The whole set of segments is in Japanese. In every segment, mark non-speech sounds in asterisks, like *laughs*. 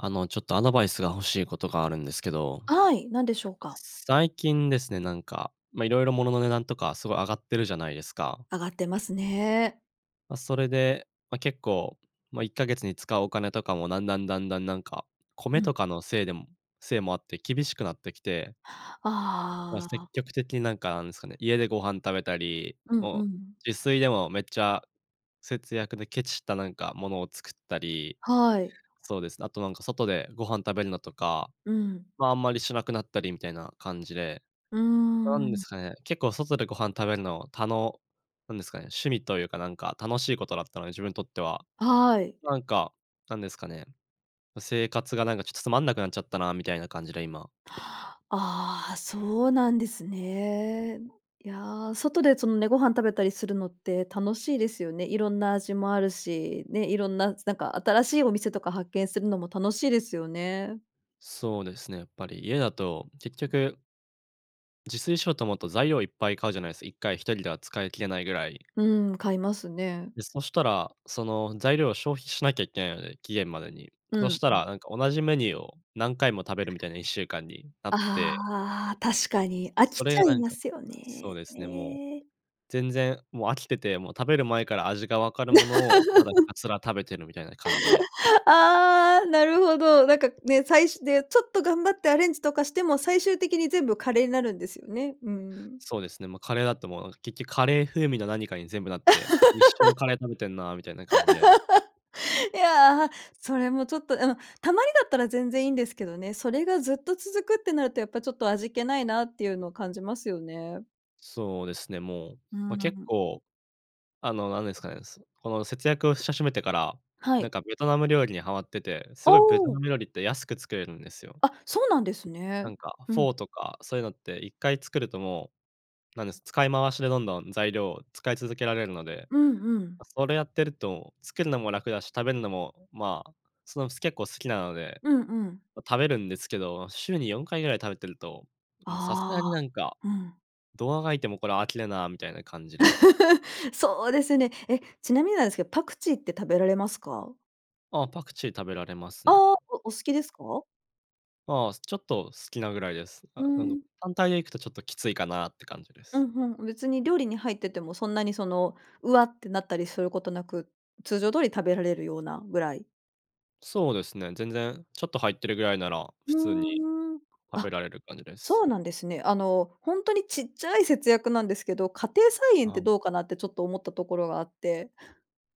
あの、ちょっとアドバイスが欲しいことがあるんですけど。はい、何でしふょうくか。最近ですね、なんか、ま、色々物の値段とかすごい上がってるじゃないですか？上がってますね。ま、それで、ま、結構、ま、1ヶ月に使うお金とかも段々段々なんか、う米ん。とかのせいでもせいもあって厳しくなってきてまあ、あ積あ。極的になんか、なんですかね、家でご飯食べたり、うんもううん。自炊でもめっちゃ節約でケチったなんかものを作ったり。はい。そうです、あとなんか、外でご飯食べるのとか、うん。まあ、あんまりしなくなったり、みたいな感じで。うーなんですん。かね、結構外でご飯食べるのたのなんですかね、趣味というか、なんか楽しいことだったので、自分にとっては。はい。なんか、なんですかね、生活がなんかちょっとつまんなくなっちゃったな、みたいな感じで、今。ああ、そうなんですね。いや、外でそのね、ご飯食べたりするのって楽しいですよね。色んな味もあるし、ね、色んななんか新しいお店とか発見するのも楽しいですよね。そうですね、やっぱり家だと結局自炊しようと思うと、材料いっぱい買うじゃないすか。1回1人では使いきれないぐらい。うん、買いますね。で、そしたら、その材料を消費しなきゃいけないので、期限までに。うそんしたうん。らなんか同じメニューを何回も食べるみたいな1週間になってああ、確かに。飽そきれちがゃないんまかすよそうね。ですね、もう、全然もう飽きてて、もう食べる前から味が分かるものをただひた *laughs* すら食べてるみたいな感じで *laughs* ああ、なるほど。なんかね、さいしでちょっと頑張ってアレンジとかしても最終的に全部カレーになるんですよね。うん。そうですね、ま、カレーだともう、結局カレー風味の何かに全部なって「一緒のカレー食べてんなあ」みたいな感じで *laughs* いやあ、それもちょっと、うん、たまにだったら全然いいんですけどね。それがずっと続くってなると、やっぱちょっと味気ないなっていうの感じますよね。そうですね、もう。うーま、結ん。構、あの、なんですかね。すこの節約をし始めてから、はなんい。かベトナム料理にはまってて、あすごいベトあ。ナム料理って安く作れるんですよ。あ、そうなんですなね。んかうフん。ォーとか、そういうのって一回作るともう、なんです、使い回しでどんどん材料を使い続けられるので。うんうん。それやってると作るのも楽だし食べるのも、ま、そのす結構好きなので、うんうん。ま、食べるんですけど、週に4回ぐらい食べてると、もうさすがにあなんか、あ。うん。どう足掻いてもこれ飽きるなみたいな感じで *laughs* そうですね。え、ちなみになんですけど、パクチーって食べられますか？あ、パクチー食べられますあね。あ、おお好きですか？ああ、ちょっと好きなぐらいです。あうなのん。単体で行くとちょっときついかなって感じでうす。ん、ふん。別に料理に入っててもそんなにその「うわ」てなったりすることなく、通常通り食べられるようなぐらい。そうですね、全然ちょっと入ってるぐらいなら、ふ普通にーん。食あ、べられる感じでそす。うなんですね。あの、ほんとにちっちゃい節約なんですけど、家庭菜園っああ、ても。どうかなってちょっと思ったところがあって。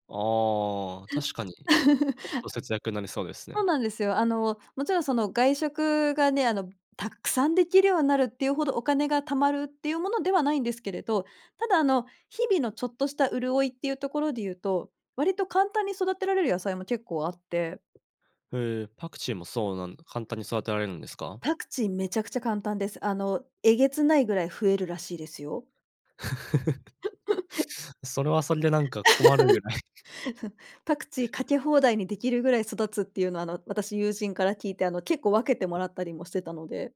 ああ、確かに、ちょっと *laughs* 節約になりそうですそうね。なんですよ。あの、もちろんその外食がね、あの、たっくさんできるようになるっていうほど、お金が貯まるっていうものではないんですけれど、ただあの日々のちょっとした潤いっていうところで言うと、割と簡単に育てられる野菜も結構あって。へえ、パクチーもそうなん簡単に育てられるんですか？パクチーめちゃくちゃ簡単です。あの、えげつないぐらい増えるらしいですよ。*laughs* *laughs* それはそれでなんか困るぐらい。*chuckles* *laughs* パクチーかけ放題にできるぐらい育つっていうのは、あの、私友人から聞いて、あの、結構分けてもらったりもしてたので。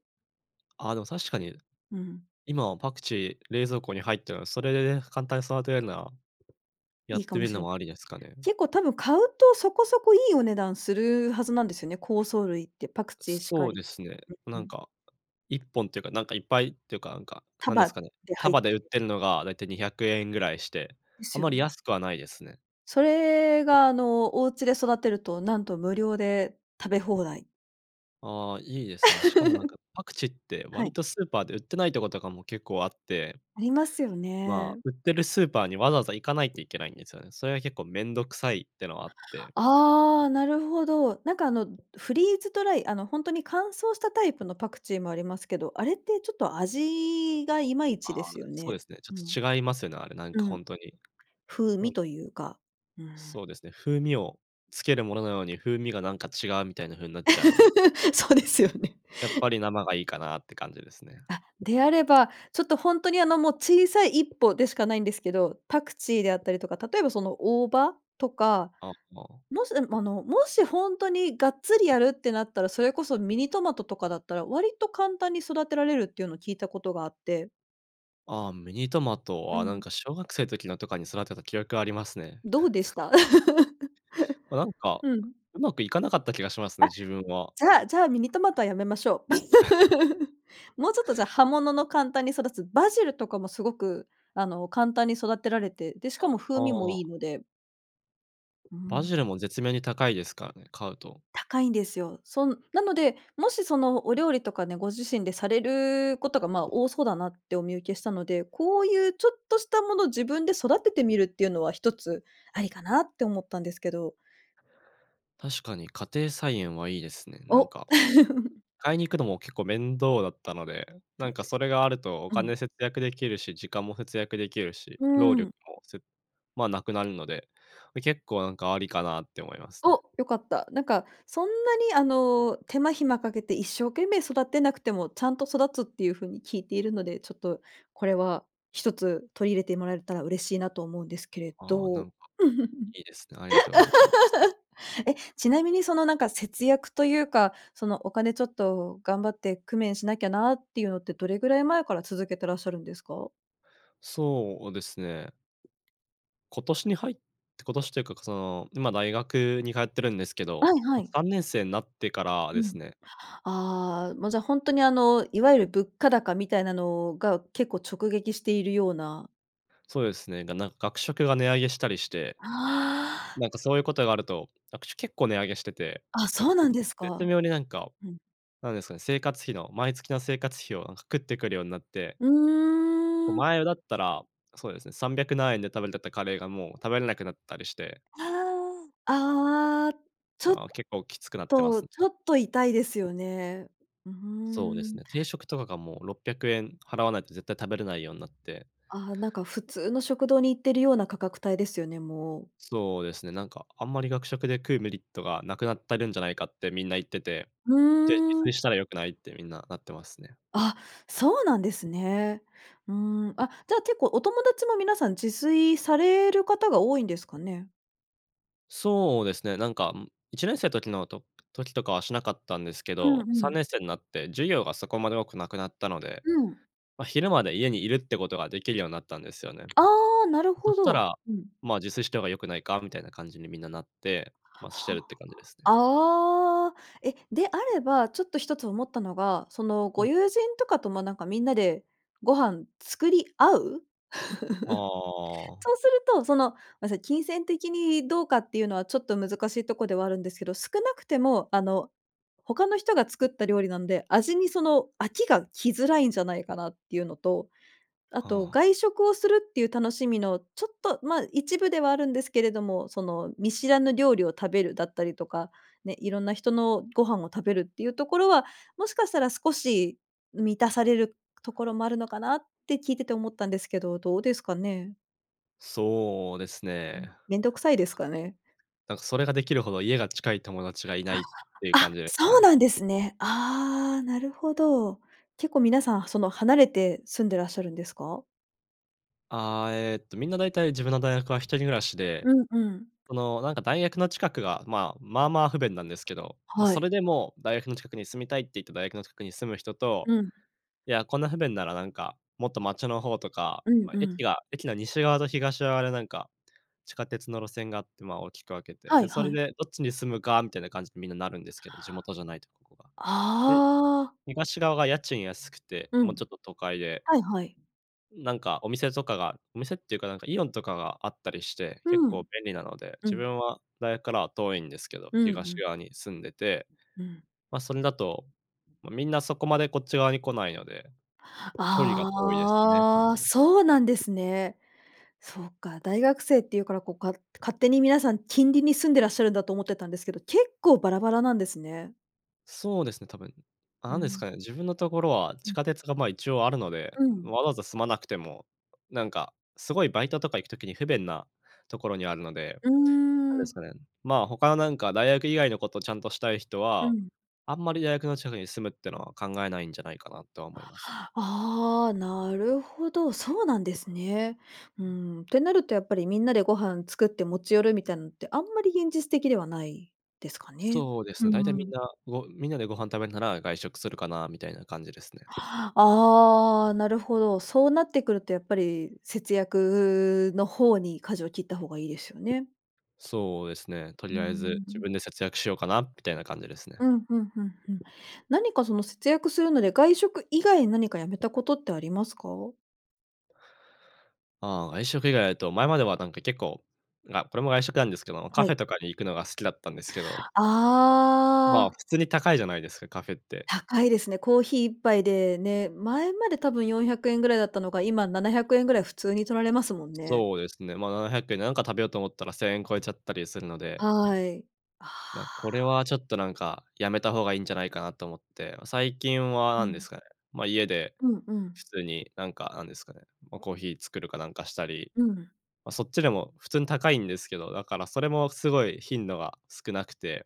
あ、でも確かに、ううん。今はパクチー、冷蔵庫に入ったら、それでね、簡単に育てれんな、やいっいかてみもるしのれもありですかね。結構たぶん買うと、そこそこいいお値段するはずなんですよね、香草類って、パクう、チーしかそうり。ですね、うなんうんん。か、1本っていうか、なんかいっぱいっていうか、なんか、束なんですかね、で入っ束でて。売ってるのがだいたい¥200ぐらいして、であすよまりね。安くはないですね。それがあの、お家で育てると、なんと無料で食べ放題。ああ、いいですね。しかもなんか、*laughs* パクチーっては割い。とスーパーで売ってないとこととかも結構あってありますよまあ、ね。売ってるスーパーにわざわざ行かないといけないんですよね。それは結構めんどくさいっていうのはあって。ああ、なるほど。なんかあのフリーズドライ、あのほんとに乾燥したタイプのパクチーもありますけど、あれってちょっと味がいまいあちであ、すよそうでね。すね、ちょうん。っと違いますよね、あれ、なんうかほん、んとに。風は味い。というか、うん。そうですね、風味をつけるものなのに、風味がなんか違うみたいな風なっちゃうので。*laughs* そうですよね。やっぱり生がいいかなって感じですね。あ、であれば、ちょっとほんとに、あのもう小さい一歩でしかないんですけど、パクチーであったりとか、例えばその大葉とか、あ、ああ。もし、でも、あの、もしほんとにがっつりやるってなったら、それこそミニトマトとかだったら割と簡単に育てられるっていうのを聞いたことがあって。ああ、ミニトマト。うあ、なんん。か小学生時のとかに、育てた記憶はありますね。どうでした？ま、なん *laughs* か、うん。うまくいかなかった気がしますね、あ、自分は。じゃあ、じゃあミニトマトはやめましょう。*chuckles* *laughs* もうちょっとじゃあ葉物の簡単に育つ、バジルとかもすごく、あの、簡単に育てられて、で、しかあ、も風味もああ。いいので。うーバん。ジルも絶妙に高いですからね、買うと。高いんですよ。そ、なので、もしそのお料理とかね、ご自身でされることがまあ、多そうだなってお見受けしたので、こういうちょっとしたものを自分で育ててみるっていうのは一つありかなって思ったんですけど。確かに家庭菜園はいいですね。なんお。か、*chuckles* 買いに行くのも結構面倒だったので、なそんうかでそす。れがあるとおうん。金節約できるし、時間も節約できるし、うー労力ん。も、すまあ、なくなるので、結構なんかありかなって思いますね。お、良かった。なんかそんなにあの手間暇かけて一生懸命育てなくてもちゃんと育つっていう風に聞いているので、ちょっとこれは、一つ取り入れてもらえたら嬉しいなと思うんですけれああ、など。んか、*laughs* いいですね、ありがとうございます。え、ちなみに、そのなんか、節約というか、その、お金ちょっと頑張って工面しなきゃなっていうのってどれぐらい前から続けてらっしゃるんですか？そうですね。今年に入っ今年というか、その、今大学に通ってるんですけど、はいはまい。3年生なってからでうすん。ね。ああ、ま、じゃほんとにあのいわゆる物価高みたいなのが結構直撃しているような。そうですね。がなんか、学食が値上げしたりして。ああ。なんかそういうことがあると、学食結構値上げしてて、あ、なんそかうぜなんです絶か。妙になんか、うん。なんですかね、生活費の毎月の生活費をなんか食ってくるようになってうこ、ーん。前だったら、そうですね300何円で食べれてたカレーがもう食べれなくなったりしてああああ、ちょっああ、結構きつくなってまとすね。ちょっと痛いですよね。うーそうですん。ね。定食とかがもう600円払わないと絶対食べれないようになってああ、なんか普通の食堂に行ってるような価格帯ですよね、もう。そうですね。なんか、「あんまり学食で食うメリットがなくなってるんじゃないか」ってみんな言ってて、うで、「自ー炊ん。したら良くない」ってみんななってますね。あ、そうなんですね。うーん。あ、じゃあ結構お友達も皆さん自炊される方が多いんですかね？そうですね、なんか、ん1年生時のと時とかはしなかったんですけうんど、うさんん。ねんせいなって授業がそこまで多くなくなったので、うん。ま、昼まで家にいるってことができるようになったんですよね。ああ、なるそほしたど。ら、うん。まあ、自炊した方が良くないかみたいな感じにみんななって、ま、しては、るって感じですね。ああ、え、で、あれば、ちょっと一つ思ったのが、そのうごん。友人とかともなんかみんなでご飯作り合う、あ *laughs* あ。そうすると、その、ごめんなさい、金銭的にどうかっていうのは、ちょっと難しいとこではあるんですけど、少なくてもあの他の人が作った料理なんで、味にその飽きが来づらいんじゃないかなっていうのと、あとはあ。外食をするっていう楽しみのちょっと、ま、一部ではあるんですけれども、その見知らぬ料理を食べるだったりとか、ね、いろんな人のご飯を食べるっていうところは、もしかしたら少し、満たされるところもあるのかなって聞いてて思ったんですけど、どうですかね。そうですね。ん、なんか、めんどくさいですかね。なんかそれができるほど家が近い友達がいないっていうあ、感じですそうね。なんですね。ああ、なるほど。結構皆さんその離れて住んでらっしゃるんですか？あ、えっと、みんなだいたい自分の大学は一人暮らしで、うんうん。その、なんか大学の近くが、ま、まあまあ不便なんですけど、ま、はそい。れでも、大学の近くに住みたいって言って大学の近くに住む人と、うん。いや、こんな不便ならなんか、もっと街の方とか、うんま、う駅ん。が、駅の西側と東側でなんか、地下鉄の路線があって、ま、大きく分けて。はで、いそはれい。でどっちに住むか、みたいな感じでみんななるんですけど、地元じゃないとここが。で、ああ。東側が家賃安くて、うもうん。ちょっと都会ではいはい。なんかお店とかがお店っていうか、なんかイオンとかがあったりして、結う構ん。便利なので、う自ん。分は大学からは遠いんですけど、うんう東ん。側に住んでて。うん。ま、それだと、ま、みんなそこまでこっち側に来ないので、距離が遠いですね、多ああ、分。そうなんですね。そうか、大学生って言うからこう、か勝手に皆さん、近隣に住んでらっしゃるんだと思ってたんですけど、結構バラバラなんですね。そうですね、多分。うなんですん。かね、自分のところは、地ん。下鉄がまあ一応あるので、うん。わざわざ住まなくても、なんか、すごいバイトとか行く時に不便なところにあるので、うーなんですん。かね、まあ、他のなんか大学以外のことちゃんとしたい人うは、ん。あんまり大学の近くに住むってのは考えないんじゃないかなとは思いますね。ああ、なるほど、そうなんですね。うーん。ん、ってなるとやっぱりみんなでご飯作って持ち寄るみたいなのってあんまり現実的ではないですかね。そうですうね、だいたいーみんん。な、ごみんなでご飯食べるなら、外食するかな、みたいな感じですね。ああ、なるほど。そうなってくるとやっぱり、節約の方に舵を切った方がいいですよね。そうですね。とうーりあえず自ん。分で節約しようかなみたいな感じですね。うん、ふんふんふん。何かその節約するので外食以外に何かやめたことってありますか？ああ、外食以外だと、前まではなんか結構、あ、これも外食なんですけどもカはフい。ェとかに行くのが好きだったんですけど。まあ、ああ。普通に高いじゃないですか、カフェって。高いですね。コーヒー1杯でね、前まで多分¥400ぐらいだったのが、今¥700ぐらい普通に取られますもんね。そうですね。ま、¥700でなんか食べようと思ったら¥1000超えちゃったりするのではい。あな、これあ。はちょっとなんかやめた方がいいんじゃないかなと思って、最近はう何でん。すかね、ま、家でうんうん。普通に、なんか、なんですかね、ま、コーヒー作るかなんかしたり、うん。ま、そっちでも普通に高いんですけど、だからそれもすごい頻度が少なくて、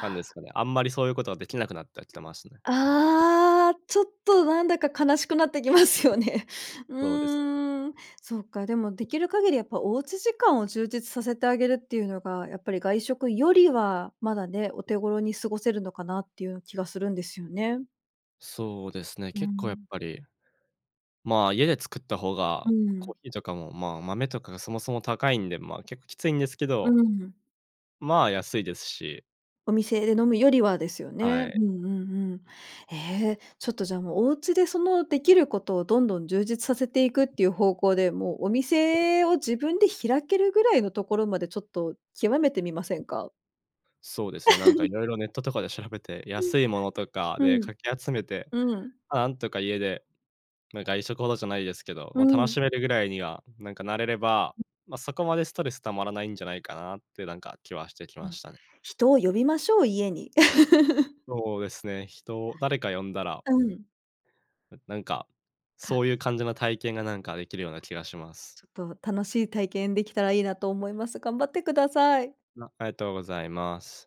なんですかね、あんまりそういうことはできなくなってきてますね。ああ、ちょっとなんだか悲しくなってきますよね。うそうです。ーん、そっかでもできる限りやっぱお家時間を充実させてあげるっていうのが、やっぱり外食よりはまだね、お手頃に過ごせるのかなっていう気がするんですよね。そうですね、う結構やっん。ぱり、まあ、家で作った方が、うコん。ーヒーとかも、まあ、豆とかがそもそも高いんで、まあ結構きついんですけうどん。まあ、安いですし。お店で飲むよりはですよはね。うい。んうんうん。え、ちょっとじゃあ、もう、お家でそのできることをどんどん充実させていくっていう方向で、もうお店を自分で開けるぐらいのところまでちょっと極めてみませんか？そうですね、なんか色 *giggles* 々ネットとかで調べて、うん、安いものとかうでん、かき集めて、うん。ま、なんとか家で、ま、外食ほどじゃないですけど、うま、楽ん。しめるぐらいにはなんかなれれば、*unintelligible* ま、そこまでストレス溜まらないんじゃないかなって、なんか、気はしてきうまん。したね。人を呼びましょう、家に。*laughs* そうですね。人を誰か呼んだら。あ、うん。ななんか、そうか。いう感じの体験がなんかできるような気がします。ちょっと楽しい体験できたらいいなと思います。頑張ってください。あ、ありがとうございます。